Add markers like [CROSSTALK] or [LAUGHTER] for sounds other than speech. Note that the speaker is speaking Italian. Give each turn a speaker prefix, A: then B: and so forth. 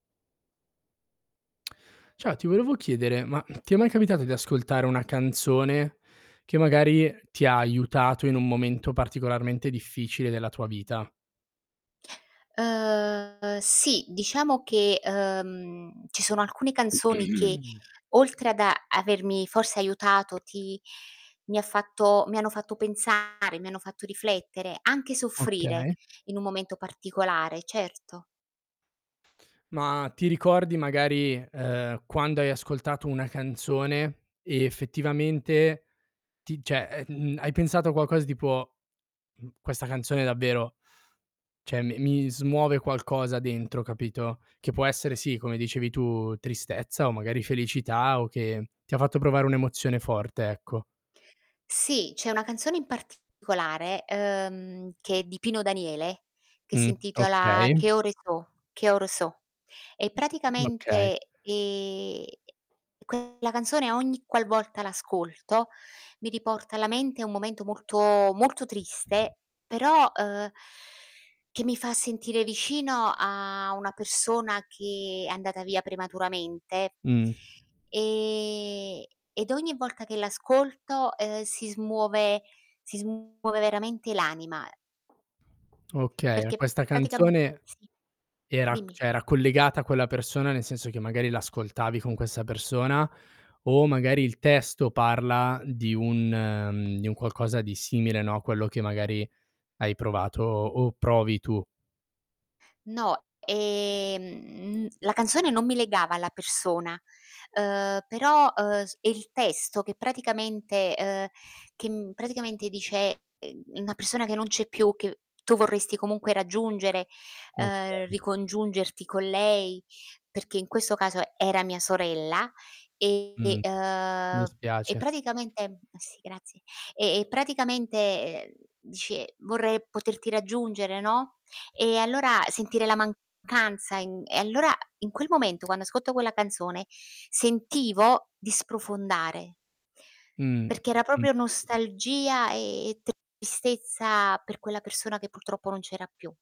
A: Ciao, ti volevo chiedere, ma ti è mai capitato di ascoltare una canzone, che magari ti ha aiutato in un momento particolarmente difficile della tua vita?
B: Ehm, sì, diciamo che, ehm, ci sono alcune canzoni che,
A: [CLEARS THROAT]
B: oltre ad avermi forse aiutato ti mi ha fatto mi hanno fatto pensare, mi hanno fatto riflettere, anche soffrire
A: Okay.
B: in un momento particolare, certo.
A: Ma, ti ricordi magari, ehm, quando hai ascoltato una canzone, e effettivamente ti cioè, ehm, mh, mh, hai pensato a qualcosa tipo: "Mhmm, questa canzone davvero, cioè mi mi smuove qualcosa dentro" capito? Che può essere, sì come dicevi, tu tristezza o magari felicità o che ti ha fatto provare un'emozione forte, ecco.
B: Sì, c'è una canzone in particolare, ehm, che è di Pino Daniele, che si
A: Mh,
B: intitola
A: okay
B: "Che ore so'", "Che ore so'", e
A: Okay.
B: praticamente, ehm, quella canzone ogni qualvolta l'ascolto, mi riporta alla mente un momento molto, molto triste, però, ehm, che mi fa sentire vicino a una persona che è andata via prematuramente,
A: Mh.
B: ehm, ed ogni volta che l'ascolto, eh, si smuove si smuove veramente l'anima.
A: Okay,
B: Perché
A: questa
B: praticamen
A: canzone
B: sì,
A: era c
B: dimmi.
A: cioè era collegata a quella persona, nel senso che magari l'ascoltavi con questa persona, o magari il testo parla di un mhmm, di un qualcosa di simile, no, quello che magari hai provato o provi tu.
B: No, ehm, la canzone non mi legava alla persona, ehm, però, ehm, è il testo che praticamente ehm, che praticamente dice una persona che non c'è più, che tu vorresti comunque raggiungere, ehm,
A: Okay.
B: ricongiungerti con lei, perché in questo caso era mia sorella. E
A: Mh.
B: ehm,
A: Mi
B: e
A: spiace.
B: praticamente, sì grazie. E praticamente, ehm, dice: "Vorrei poterti raggiungere" no? E allora sentire la mancanza in e allora in quel momento, quando ascolto quella canzone sentivo di sprofondare.
A: Mh, mh,
B: Perché era
A: mh.
B: proprio nostalgia e tristezza per quella persona che purtroppo non c'era più.